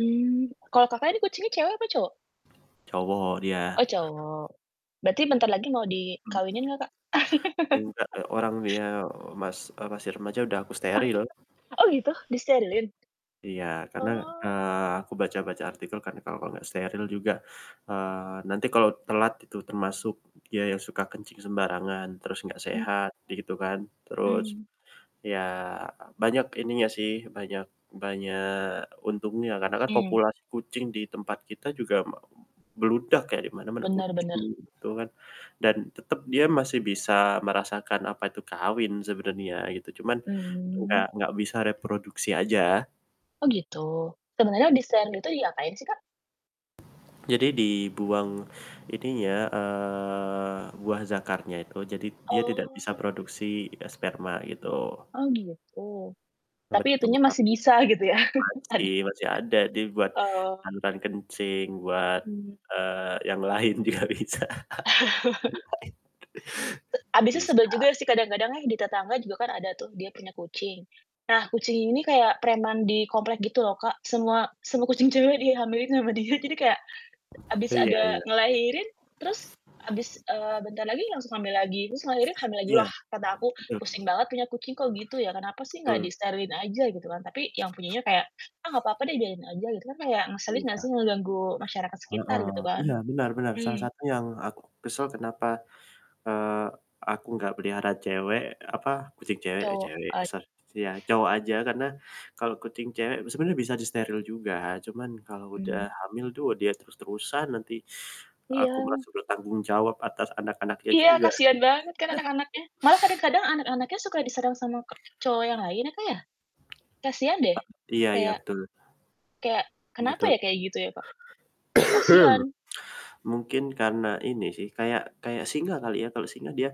Mmm, kalau Kakak ini kucing cewek apa cowok? Cowok dia. Oh, cowok. Berarti bentar lagi mau dikawinin gak Kak? Enggak, e orang dia mas masih remaja udah aku Aku steril. ta oh gitu? Disterilin? Iya karena, Oh. eee, aku baca-baca artikel karena kalau nggak steril juga, eee, nanti kalau telat itu termasuk dia yang suka kencing sembarangan, terus nggak Mmm. sehat gitu kan, terus Mmm. ya banyak ininya sih, banyak banyak untungnya, karena kan Mmm. populasi kucing di tempat kita juga me bludak ya di mana-mana, Bener bener. kucing gitu kan, dan tetep dia masih bisa merasakan apa itu kawin sebenarnya gitu, cuman Mmm. nggak nggak bisa reproduksi aja. Oh gitu, sebenarnya disterilin gitu diapain sih kak? Jadi dibuang ininya, eee, buah zakarnya itu, jadi dia tidak bisa Oh. produksi, eee, sperma gitu. Oh gitu, tapi itu nya Kebtulan masih bisa gitu ya, ada Masih masih ada, dia buat oh. bantuan kencing buat, Mmm. eee, yang lain juga bisa, E yang abisnya lain bisa. sebel juga sih, kadang-kadang nih, di tetangga juga kan ada tuh dia punya kucing, nah kucing ini kayak preman di komplek gitu loh Kak, semua semua kucing cewek dihamilin sama dia, jadi kayak habis Iya ada iya. ngelahirin terus habis eee, bentar lagi langsung hamil lagi, terus ngelahirin, hamil lagi, Iya, lah kata aku, betul. "Pusing banget punya kucing kok gitu ya, kenapa sih nggak Betul. disterilin aja," gitu kan, tapi yang punya kayak, "Ah gak papa deh biarin aja," gitu kan kayak ngeselin nggak Iya. sih ngeganggu masyarakat Heeh, sekitar gitu kan, iya, benar benar, salah mmm. satu yang aku kesel kenapa, eee, aku nggak pelihara cewek apa kucing cewek, eee, Cowok cewek, ya et sor ya, cowok aja karena kalau kucing cewek sebenarnya bisa disteril juga, cuman kalau udah Mmm. hamil tuh dia terus-terusan nanti aku Iya. merasa bertanggung jawab atas anak-anaknya Iya, juga. kasihan banget kan anak-anaknya, malah kadang-kadang anak-anaknya suka diserang sama k cowok yang lain ya Kak ya? Kasihan deh, E iya iya kayak betul. kayak kenapa ya Betul. kayak gitu ya Kak? Kan kasihan. Mungkin karena ini sih, kayak kayak singa kali ya? Kalau singa dia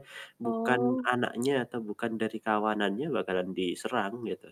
bukan Oh. anaknya atau bukan dari kawanannya bakalan diserang gitu.